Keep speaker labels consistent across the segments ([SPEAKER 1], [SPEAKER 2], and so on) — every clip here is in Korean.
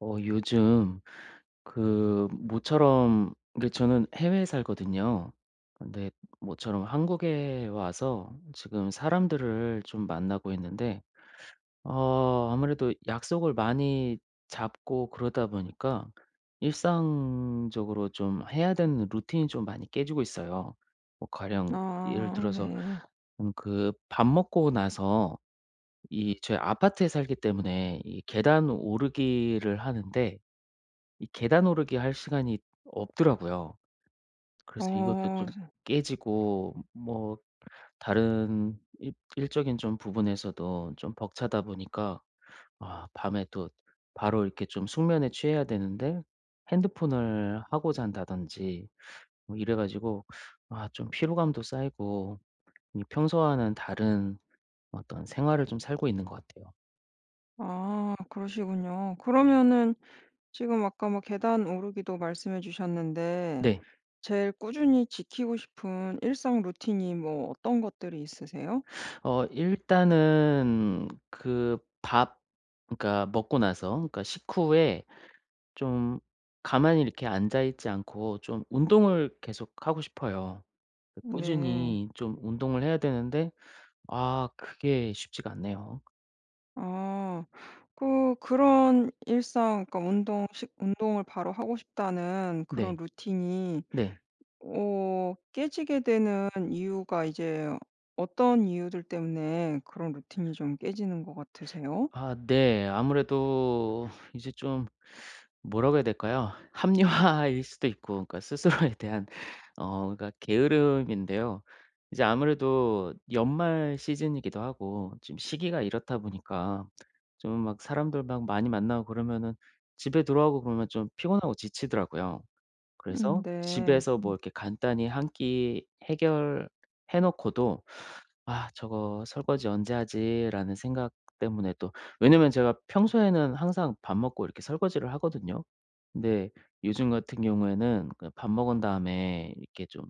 [SPEAKER 1] 어 요즘 그 모처럼 그 저는 해외에 살거든요. 근데 모처럼 한국에 와서 지금 사람들을 좀 만나고 있는데 어 아무래도 약속을 많이 잡고 그러다 보니까 일상적으로 좀 해야 되는 루틴이 좀 많이 깨지고 있어요. 뭐 가령 예를
[SPEAKER 2] 아
[SPEAKER 1] 들어서
[SPEAKER 2] 네.
[SPEAKER 1] 음 그 밥 먹고 나서 이 저희 아파트에 살기 때문에 이 계단 오르기를 하는데 이 계단 오르기 할 시간이 없더라고요. 그래서 이것도
[SPEAKER 2] 어.
[SPEAKER 1] 좀 깨지고 뭐 다른 일 일적인 좀 부분에서도 좀 벅차다 보니까 아 밤에 또 바로 이렇게 좀 숙면에 취해야 되는데 핸드폰을 하고 잔다든지 어 이래 가지고 아 좀 피로감도 쌓이고 이 평소와는 다른 어떤 생활을 좀 살고 있는 것 같아요.
[SPEAKER 2] 아 그러시군요.
[SPEAKER 1] 네.
[SPEAKER 2] 그러면은 지금 아까 막 계단 오르기도 말씀해 주셨는데
[SPEAKER 1] 네.
[SPEAKER 2] 제일 꾸준히 지키고 싶은 일상 루틴이 뭐 어떤 것들이 있으세요?
[SPEAKER 1] 어 일단은 그 밥 그러니까 먹고 나서 그러니까 식후에 좀 가만히 이렇게 앉아 있지 않고 좀 운동을 계속하고 싶어요. 그
[SPEAKER 2] 네.
[SPEAKER 1] 꾸준히 좀 운동을 해야 되는데 아 그게 쉽지가 않네요.
[SPEAKER 2] 아. 그 그런 일상 그러니까 운동 식 운동을 바로 하고 싶다는 그런
[SPEAKER 1] 네.
[SPEAKER 2] 루틴이
[SPEAKER 1] 네.
[SPEAKER 2] 어 깨지게 되는 이유가 이제 어떤 이유들 때문에 그런 루틴이 좀 깨지는 것 같으세요?
[SPEAKER 1] 아 네. 아무래도 이제 좀 뭐라고 해야 될까요? 합리화일 수도 있고 그러니까 스스로에 대한 어 그러니까 게으름인데요. 이제 아무래도 연말 시즌이기도 하고 지금 시기가 이렇다 보니까 좀 막 사람들 막 많이 만나고 그러면은 집에 들어오고 그러면 좀 피곤하고 지치더라고요.
[SPEAKER 2] 음
[SPEAKER 1] 그래서
[SPEAKER 2] 네.
[SPEAKER 1] 집에서 뭐
[SPEAKER 2] 음.
[SPEAKER 1] 이렇게 간단히 한 끼 해결해 놓고도 '아 저거 설거지 언제 하지?'라는 생각 때문에 또 왜냐면 제가 평소에는 항상 밥 먹고 이렇게 설거지를 하거든요. 근데 요즘 같은 경우에는 그냥 밥 먹은 다음에 이렇게 좀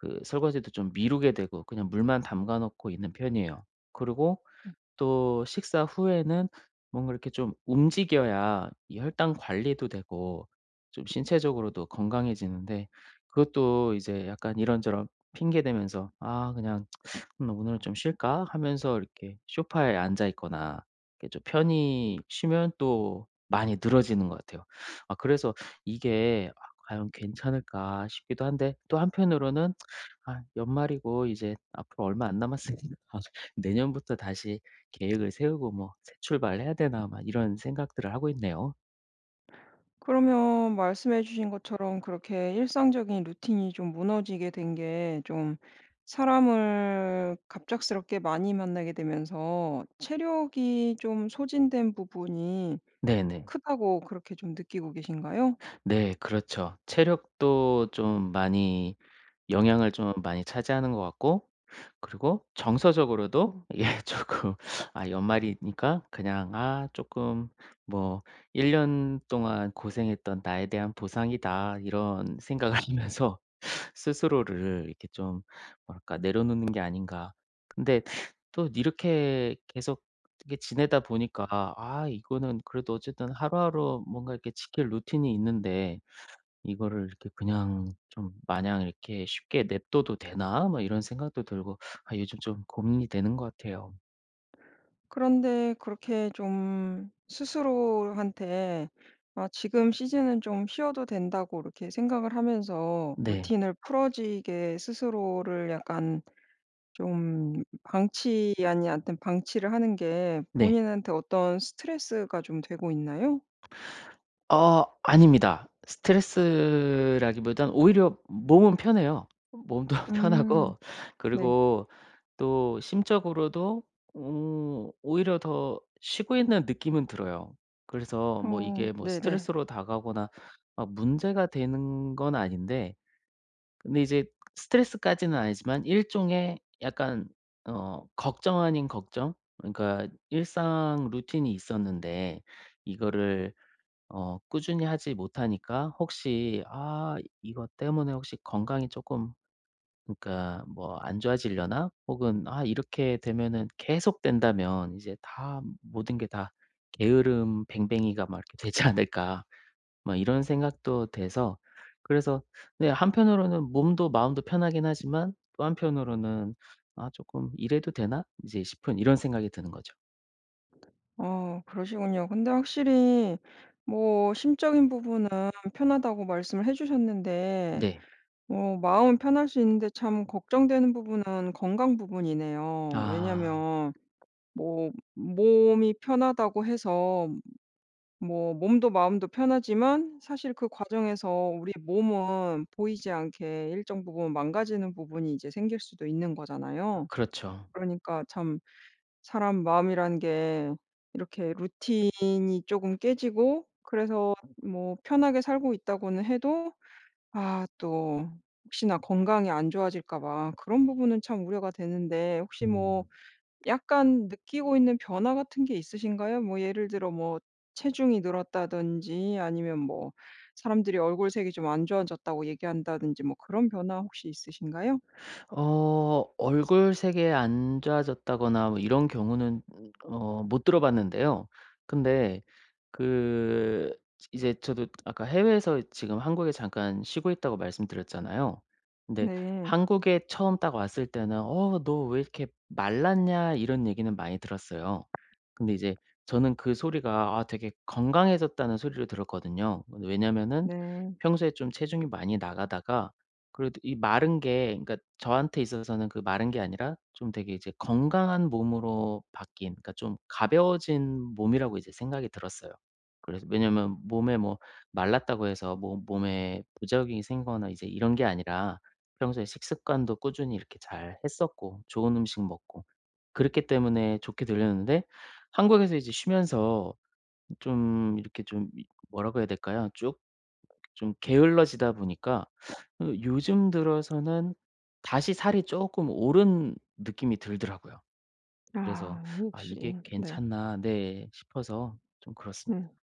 [SPEAKER 1] 그 설거지도 좀 미루게 되고 그냥 물만 담가 놓고 있는 편이에요. 그러고
[SPEAKER 2] 음.
[SPEAKER 1] 또 식사 후에는 뭔가 이렇게 좀 움직여야 이 혈당 관리도 되고 좀 신체적으로도 건강해지는데 그것도 이제 약간 이런저런 핑계 대면서 '아 그냥 나 오늘은 좀 쉴까?' 하면서 이렇게 소파에 앉아 있거나 이렇게 좀 편히 쉬면 또 많이 늘어지는 것 같아요. 아 그래서 '이게 아 과연 괜찮을까?' 싶기도 한데 또 한편으로는 '아 연말이고 이제 앞으로 얼마 안 남았으니까 내년부터 다시 계획을 세우고 뭐 새 출발 해야 되나?' 막 이런 생각들을 하고 있네요.
[SPEAKER 2] 그러면 말씀해 주신 것처럼 그렇게 일상적인 루틴이 좀 무너지게 된 게 좀 사람을 갑작스럽게 많이 만나게 되면서 체력이 좀 소진된 부분이
[SPEAKER 1] 네네.
[SPEAKER 2] 크다고 그렇게 좀 느끼고 계신가요?
[SPEAKER 1] 네 그렇죠. 체력도 좀 많이 영향을 좀 많이 차지하는 것 같고 그리고 정서적으로도 이게 쪼끔 아 연말이니까 그냥 아 쪼끔 뭐 '1 년 동안 고생했던 나에 대한 보상이다.' 이런 생각을 하면서 스스로를 이렇게 좀 뭐랄까 내려놓는 게 아닌가. 근데 또 이렇게 계속 이렇게 지내다 보니까 '아 이거는 그래도 어쨌든 하루하루 뭔가 이렇게 지킬 루틴이 있는데 이거를 이렇게 그냥 좀 마냥 이렇게 쉽게 냅둬도 되나?' 뭐 이런 생각도 들고 아 요즘 좀 고민이 되는 것 같아요.
[SPEAKER 2] 그런데 그렇게 좀 스스로한테 아 지금 시즌은 좀 쉬어도 된다고 그렇게 생각을 하면서
[SPEAKER 1] 네.
[SPEAKER 2] 루틴을 풀어지게 스스로를 약간 좀 방치 아니 아무튼 방치를 하는 게
[SPEAKER 1] 네.
[SPEAKER 2] 본인한테 어떤 스트레스가 좀 되고 있나요?
[SPEAKER 1] 아 아닙니다. 스트레스라기 보단 오히려 몸은 편해요. 몸도
[SPEAKER 2] 음.
[SPEAKER 1] 편하고
[SPEAKER 2] 네.
[SPEAKER 1] 그리고 또 심적으로도 음 오히려 더 쉬고 있는 느낌은 들어요. 그래서 뭐
[SPEAKER 2] 어
[SPEAKER 1] 이게 뭐
[SPEAKER 2] 네네.
[SPEAKER 1] 스트레스로 다가오거나 문제가 되는 건 아닌데 근데 이제 스트레스까지는 아니지만 일종의 약간 어 걱정 아닌 걱정? 그러니까 일상 루틴이 있었는데 이거를 어 꾸준히 하지 못하니까 혹시 '아 이것 때문에 혹시 건강이 쪼끔 그러니까 뭐 안 좋아지려나?' 혹은 '아 이렇게 되면은 계속 된다면 이제 다 모든 게 다 게으름뱅뱅이가 막 이렇게 되지 않을까.' 막 이런 생각도 돼서 그래서 네 한편으로는 몸도 마음도 편하긴 하지만 또 한편으로는 '아 쪼끔 이래도 되나?' 이제 싶은 이런 생각이 드는 거죠.
[SPEAKER 2] 어 그러시군요. 근데 확실히 뭐 심적인 부분은 편하다고 말씀을 해 주셨는데
[SPEAKER 1] 네.
[SPEAKER 2] 뭐 마음은 편할 수 있는데 참 걱정되는 부분은 건강 부분이네요.
[SPEAKER 1] 아.
[SPEAKER 2] 왜냐하면 뭐 몸이 편하다고 해서 뭐 몸도 마음도 편하지만 사실 그 과정에서 우리 몸은 보이지 않게 일정 부분 망가지는 부분이 이제 생길 수도 있는 거잖아요.
[SPEAKER 1] 그렇죠.
[SPEAKER 2] 그러니까 참 사람 마음이란 게 이렇게 루틴이 쪼금 깨지고 그래서 뭐 편하게 살고 있다고는 해도 아 또 혹시나 건강이 안 좋아질까 봐 그런 부분은 참 우려가 되는데 혹시 뭐
[SPEAKER 1] 음.
[SPEAKER 2] 약간 느끼고 있는 변화 같은 게 있으신가요? 뭐 예를 들어 뭐 체중이 늘었다든지 아니면 뭐 사람들이 얼굴색이 좀 안 좋아졌다고 얘기한다든지 뭐 그런 변화 혹시 있으신가요?
[SPEAKER 1] 어 얼굴색이 안 좋아졌다거나 뭐 이런 경우는 어 못 들어 봤는데요. 근데 그 이제 저도 아까 해외에서 지금 한국에 잠깐 쉬고 있다고 말씀드렸잖아요. 근데
[SPEAKER 2] 네.
[SPEAKER 1] 한국에 처음 딱 왔을 때는 "어 너 왜 이렇게 말랐냐?" 이런 얘기는 많이 들었어요. 근데 이제 저는 그 소리가 아 되게 건강해졌다는 소리로 들었거든요. 왜냐하면은
[SPEAKER 2] 네.
[SPEAKER 1] 평소에 좀 체중이 많이 나가다가 그래도 이 마른 게 그러니까 저한테 있어서는 그 마른 게 아니라 좀 되게 이제 건강한 몸으로 바뀐 그러니까 좀 가벼워진 몸이라고 이제 생각이 들었어요. 그래서 왜냐하면 몸에 뭐 말랐다고 해서 뭐 몸에 부작용이 생기거나 이제 이런 게 아니라 평소에 식습관도 꾸준히 이렇게 잘 했었고 좋은 음식 먹고 그렇기 때문에 좋게 들렸는데 한국에서 이제 쉬면서 좀 이렇게 좀 이 뭐라고 해야 될까요? 쭉 좀 게을러지다 보니까 어 요즘 들어서는 다시 살이 쪼끔 오른 느낌이 들더라고요. 그래서
[SPEAKER 2] 아
[SPEAKER 1] '아 이게
[SPEAKER 2] 혹시 네.
[SPEAKER 1] 괜찮나' 네 싶어서 좀 그렇습니다.
[SPEAKER 2] 음.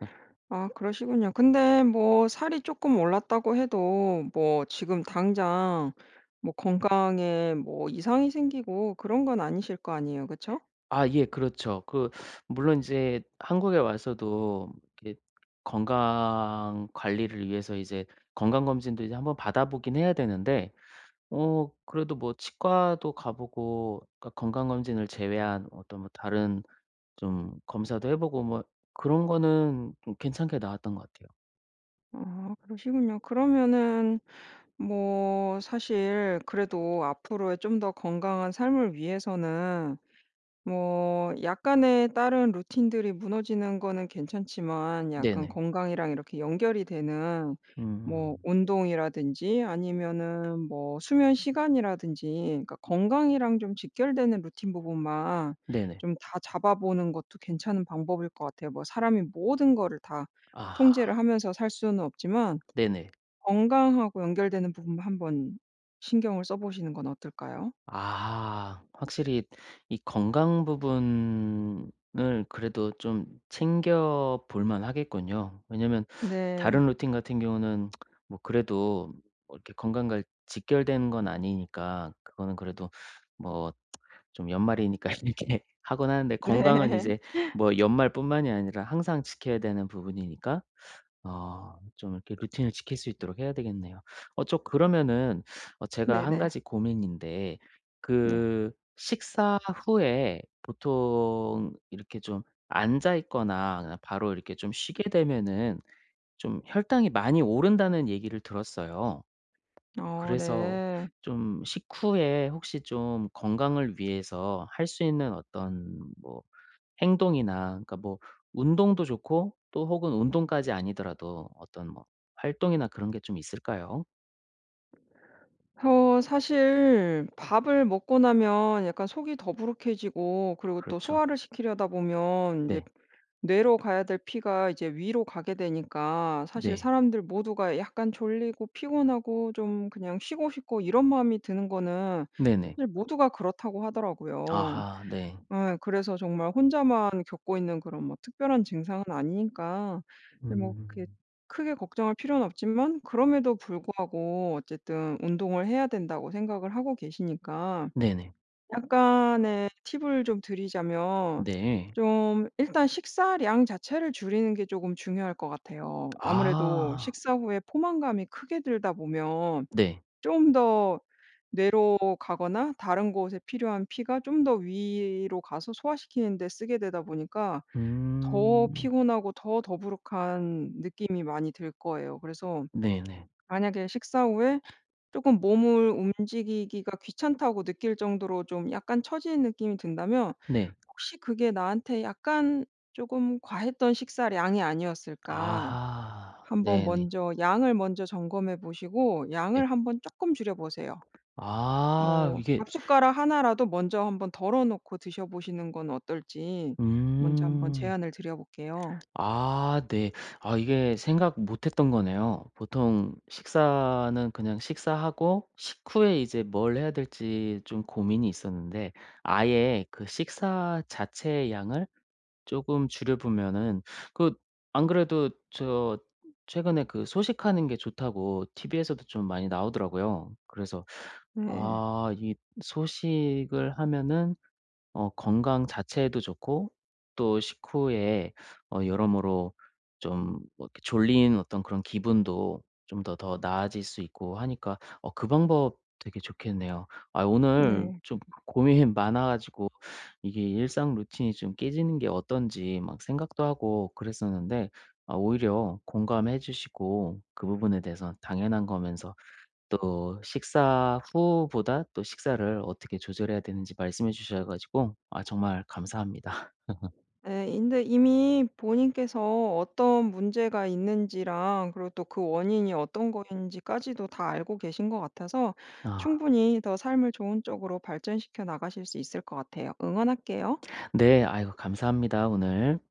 [SPEAKER 2] 아 그러시군요. 근데 뭐 살이 쪼끔 올랐다고 해도 뭐 지금 당장 뭐 건강에 뭐 이상이 생기고 그런 건 아니실 거 아니에요. 그쵸?
[SPEAKER 1] 아 예. 그렇죠. 그 물론 인제 한국에 와서도 그 건강 관리를 위해서 이제 건강검진도 이제 한번 받아 보긴 해야 되는데 어 그래도 뭐 치과도 가 보고 그러니까 건강검진을 제외한 어떤 뭐 다른 좀 검사도 해 보고 뭐 그런 거는 좀 괜찮게 나왔던 것 같아요.
[SPEAKER 2] 아 그러시군요. 그러면은 뭐 사실 그래도 앞으로의 좀 더 건강한 삶을 위해서는 뭐 약간의 다른 루틴들이 무너지는 거는 괜찮지만 약간
[SPEAKER 1] 네네.
[SPEAKER 2] 건강이랑 이렇게 연결이 되는 뭐
[SPEAKER 1] 음.
[SPEAKER 2] 운동이라든지 아니면은 뭐 수면시간이라든지 그러니까 건강이랑 좀 직결되는 루틴 부분만
[SPEAKER 1] 네네.
[SPEAKER 2] 좀 다잡아보는 것도 괜찮은 방법일 것 같아요. 뭐 사람이 모든 거를 다 통제를
[SPEAKER 1] 아.
[SPEAKER 2] 하면서 살 수는 없지만
[SPEAKER 1] 네네.
[SPEAKER 2] 건강하고 연결되는 부분만 한번 신경을 써보시는 건 어떨까요?
[SPEAKER 1] 아. 확실히 이 건강 부분을 그래도 좀 챙겨 볼 만하겠군요. 왜냐면
[SPEAKER 2] 네.
[SPEAKER 1] 다른 루틴 같은 경우는 뭐 그래도 뭐 이렇게 건강과 직결된 건 아니니까 그거는 그래도 뭐 좀 연말이니까 이렇게 하곤 하는데 건강은
[SPEAKER 2] 네.
[SPEAKER 1] 이제 뭐 연말뿐만이 아니라 항상 지켜야 되는 부분이니까 아 좀 이렇게 루틴을 지킬 수 있도록 해야 되겠네요. 어 저 그러면은 어 제가 1
[SPEAKER 2] 네네.
[SPEAKER 1] 가지 고민인데
[SPEAKER 2] 네.
[SPEAKER 1] 그 '식사 후에 보통 이렇게 좀 앉아 있거나 그냥 바로 이렇게 좀 쉬게 되면은 좀 혈당이 많이 오른다.'는 얘기를 들었어요.
[SPEAKER 2] 어
[SPEAKER 1] 그래서
[SPEAKER 2] 네.
[SPEAKER 1] 좀 식후에 혹시 좀 건강을 위해서 할 수 있는 어떤 뭐 행동이나 그러니까 뭐 운동도 좋고 또 혹은 운동까지 아니더라도 어떤 뭐 활동이나 그런 게 좀 있을까요?
[SPEAKER 2] 어 사실 밥을 먹고 나면 약간 속이 더부룩해지고 그러고 또
[SPEAKER 1] 그렇죠.
[SPEAKER 2] 소화를 시키려다 보면 인제
[SPEAKER 1] 네.
[SPEAKER 2] 뇌로 가야 될 피가 이제 위로 가게 되니까 사실
[SPEAKER 1] 네.
[SPEAKER 2] 사람들 모두가 약간 졸리고 피곤하고 좀 그냥 쉬고 싶고 이런 마음이 드는 거는
[SPEAKER 1] 네네.
[SPEAKER 2] 사실 모두가 그렇다고 하더라고요.
[SPEAKER 1] 아하 네.
[SPEAKER 2] 예 그래서 정말 혼자만 겪고 있는 그런 뭐 특별한 증상은 아니니까 그게 뭐 그게
[SPEAKER 1] 음.
[SPEAKER 2] 크게 걱정할 필요는 없지만 그럼에도 불구하고 어쨌든 운동을 해야 된다고 생각을 하고 계시니까
[SPEAKER 1] 네네.
[SPEAKER 2] 약간의 팁을 좀 드리자면
[SPEAKER 1] 네.
[SPEAKER 2] 좀 일단 식사량 자체를 줄이는 게 쪼금 중요할 것 같아요. 아무래도
[SPEAKER 1] 아.
[SPEAKER 2] 식사 후에 포만감이 크게 들다 보면
[SPEAKER 1] 네.
[SPEAKER 2] 좀 더 뇌로 가거나 다른 곳에 필요한 피가 좀 더 위로 가서 소화시키는 데 쓰게 되다 보니까 더
[SPEAKER 1] 음
[SPEAKER 2] 피곤하고 더 더부룩한 느낌이 많이 들 거예요. 그래서
[SPEAKER 1] 네네.
[SPEAKER 2] 만약에 식사 후에 쪼금 몸을 움직이기가 귀찮다고 느낄 정도로 좀 약간 처지는 느낌이 든다면
[SPEAKER 1] 네.
[SPEAKER 2] '혹시 그게 나한테 약간 쪼금 과했던 식사량이 아니었을까?'
[SPEAKER 1] 아하
[SPEAKER 2] 한번
[SPEAKER 1] 네네.
[SPEAKER 2] 먼저 양을 먼저 점검해 보시고
[SPEAKER 1] 네.
[SPEAKER 2] 양을 한번 쪼끔 줄여 보세요.
[SPEAKER 1] 아
[SPEAKER 2] 뭐
[SPEAKER 1] 이게
[SPEAKER 2] 밥숟가락 1 라도 먼저 한번 덜어 놓고 드셔보시는 건 어떨지 먼저 한번
[SPEAKER 1] 음.
[SPEAKER 2] 제안을 드려 볼게요.
[SPEAKER 1] 아 네. 아 이게 생각 못 했던 거네요. 보통 식사는 그냥 식사하고 식후에 이제 뭘 해야 될지 좀 고민이 있었는데 아예 그 식사 자체의 양을 쪼금 줄여 보면은 그 안 그래도 저 최근에 그 소식하는 게 좋다고 TV에서도 좀 많이 나오더라고요. 그래서
[SPEAKER 2] 예.
[SPEAKER 1] 아 이 소식을 하면은 어 건강 자체에도 좋고 또 식후에 어 여러모로 좀 뭐 이렇게 졸린 어떤 그런 기분도 좀 더 더 나아질 수 있고 하니까 어 그 방법 되게 좋겠네요. 아유 오늘
[SPEAKER 2] 네.
[SPEAKER 1] 좀 고민이 많아 가지고 이게 일상 루틴이 좀 깨지는 게 어떤지 막 생각도 하고 그랬었는데 아 오히려 공감해 주시고 그 부분에 대해서 당연한 거면서 또 식사 후보다 또 식사를 어떻게 조절해야 되는지 말씀해 주셔 가지고 아 정말 감사합니다.
[SPEAKER 2] 예. 인데 이미 본인께서 어떤 문제가 있는지랑 그리고 또 그 원인이 어떤 거인지까지도 다 알고 계신 것 같아서
[SPEAKER 1] 아
[SPEAKER 2] 충분히 더 삶을 좋은 쪽으로 발전시켜 나가실 수 있을 것 같아요. 응원할게요.
[SPEAKER 1] 네 아이고 감사합니다 오늘.